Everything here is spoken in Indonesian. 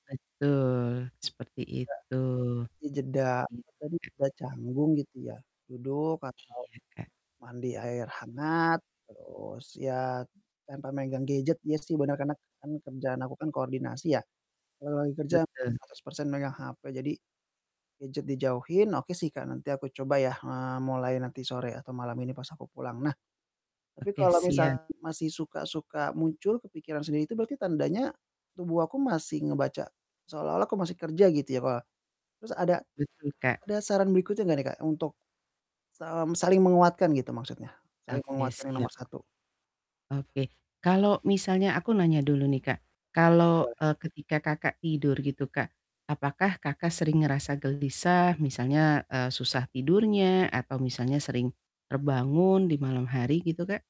Betul, seperti Enggak itu. dijeda, apa Iya. tadi, udah canggung gitu ya, duduk Iya, atau Kak. mandi air hangat, terus, ya tanpa megang gadget, ya sih bener, karena kan kerjaan aku kan koordinasi ya. Kalau lagi kerja Betul. 100% megang HP. Jadi, gadget dijauhin, ok sih, Kak, nanti aku coba ya, eee, mulai nanti sore atau malam ini pas aku pulang. Nah, tapi Oke, kalau siap. misal masih suka suka muncul, kepikiran sendiri itu berarti tandanya tubuh aku masih ngebaca seolah-olah aku masih kerja gitu ya, apa. Terus ada Betul, Kak. ada saran berikutnya gak nih, Kak, untuk, sem saling menguatkan gitu maksudnya, saling Oke, menguatkan yang siap. nomor satu? Oke Oke, kalau misalnya aku nanya dulu nih, Kak. Kalau, boleh. eee, ketika Kakak tidur gitu, Kak, apakah Kakak sering ngerasa gelisah misalnya, eee, susah tidurnya atau misalnya sering terbangun di malam hari gitu, Kak?